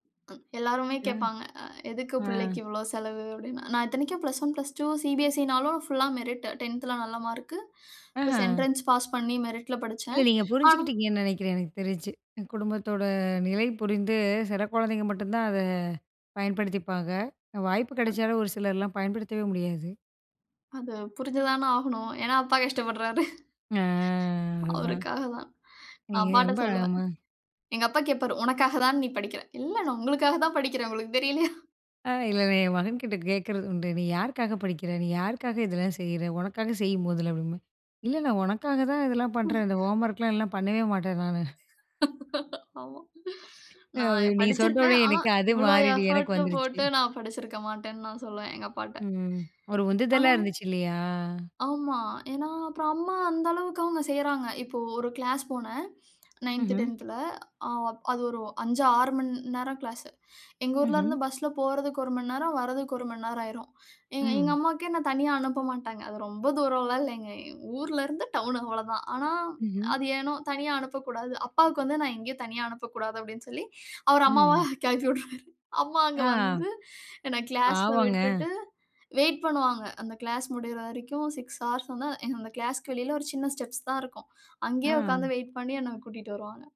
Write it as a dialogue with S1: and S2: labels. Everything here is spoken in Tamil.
S1: எல்லாருமே
S2: ம்,
S1: கேட்பாங்க. அ எதுக்கு பிள்ளைக்கு
S2: அ.
S1: இவ்ளோ செலவு அப்டின்னு, நான் இத்தனைக்கும் +1 +2 சி பி எஸ் சி ன்னாலும், ஃபுல்லா மெரிட்டு 10த்ல நல்ல மார்க். ப்ளஸ்
S2: அ
S1: என்ட்ரன்ஸ் பாஸ் பண்ணி மெரிட்ல
S2: இல்ல
S1: படிச்சேன்.
S2: நீங்க
S1: ஆ
S2: புரிஞ்சுக்கிட்டிங்கன்னு நினைக்கிறேன், எனக்கு தெரிஞ்சு. குடும்பத்தோட நிலை புரிந்து சில குழந்தைங்க மட்டும் தான், அத பயன்படுத்திப்பாங்க. வாய்ப்பு
S1: அ.
S2: கிடைச்சாலும் ஒரு சிலர்லாம் பயன்படுத்தவே முடியாது.
S1: அது, புரிஞ்சுதான ஆகணும். ஏனா அப்பா கஷ்டப்படுறாரு.
S2: அ, அதான்.
S1: அவருக்காக தான். நான்
S2: நீங்க
S1: அப்பாட்ட
S2: ரொம்ப
S1: சொல்லுவேன்,
S2: அழகமா
S1: எங்க அப்பா கேட்பாரு, உனக்காக தான் நீ படிக்கிற? இல்ல நான் உங்களுக்காக தான் படிக்கிறேன். உங்களுக்கு தெரியலயா?
S2: அ, இல்லயில்ல என் மகன்கிட்ட கேட்கிறது உண்டு, "நீ யாருக்காக படிக்கிற? நீ யாருக்காக இதெல்லா செய்ற? உனக்காக செய் மொதல்ல", அப்படி என்பேன், "இல்ல, உனக்காக தான் இதெல்லாம்
S1: ம்.
S2: பண்றேன். இந்த ஹோம்வொர்க்லா இல்லனா பண்ணவே மாட்டேன் நானு",
S1: ஆமா.
S2: அ
S1: நான்
S2: நீ சொன்ன
S1: படிச்சுருப்பேன்.
S2: உடனே
S1: ஆனா
S2: எனக்கு அது
S1: இவ்ளோ
S2: மாரி நீ எனக்கு
S1: எஃபோர்ட்
S2: வந்துருச்சு.
S1: போட்டு நான் படிச்சுருக்க மாட்டேன்னு தான் நான் சொல்வேன், எங்க அப்பாட்ட.
S2: ம். ஒரு உந்துதலா
S1: ஆனா
S2: இருந்துச்சு இல்லையா?
S1: ஆமா. ஏனா? அப்போ அம்மா அந்த அளவுக்கு அவுங்க செய்றாங்க. இப்போ ஒரு க்ளாஸ் போனேன். 9த்,
S2: ம்ஹ்ம்.
S1: 10த்ல அ-அது ஒரு 5 6 மணி நேரம் கிளாஸ். எங்க ஊர்ல
S2: ம்ஹ்ம்.
S1: இருந்து பஸ்ல போறதுக்கு ஒரு மணி நேரம், வர்றதுக்கு ஒரு மணி நேரம் ஆயிரும். எ-எங்க
S2: ம்.
S1: அம்மாவுக்கே, என்ன தனியா அனுப்ப மாட்டாங்க. அது ரொம்ப தூரம்லாயில்லங்க, எங்க ஊர்ல இருந்து டவுன் அவ்ளோதான். ஆனா
S2: ம்ஹ்ம்.
S1: அது ஏனோ தனியா அனுப்பக்கூடாது. அப்பாவுக்கு வந்து நான் எங்கயும் தனியா அனுப்பக்கூடாது, அப்டின்னு சொல்லி, அவர்
S2: ம்,
S1: அம்மாவ
S2: ம்.
S1: கிளப்பி விட்ருவாரு. அம்மா அங்க
S2: ஆ.
S1: வந்து, என்ன க்ளாஸ்ல
S2: பாவங்க.
S1: விட்டுட்டு, வெயிட் பண்ணுவாங்க. அந்த க்ளாஸ் முடியற வரைக்கும் 6:00 ஹார்ஸ் வந்தா, என்னோட க்ளாஸ்க்கு வெளில ஒரு சின்ன ஸ்டெப்ஸ் தான் இருக்கும். அங்கயே
S2: அ.
S1: உக்காந்து வெயிட் பண்ணி என்ன கூட்டிட்டு வருவாங்க.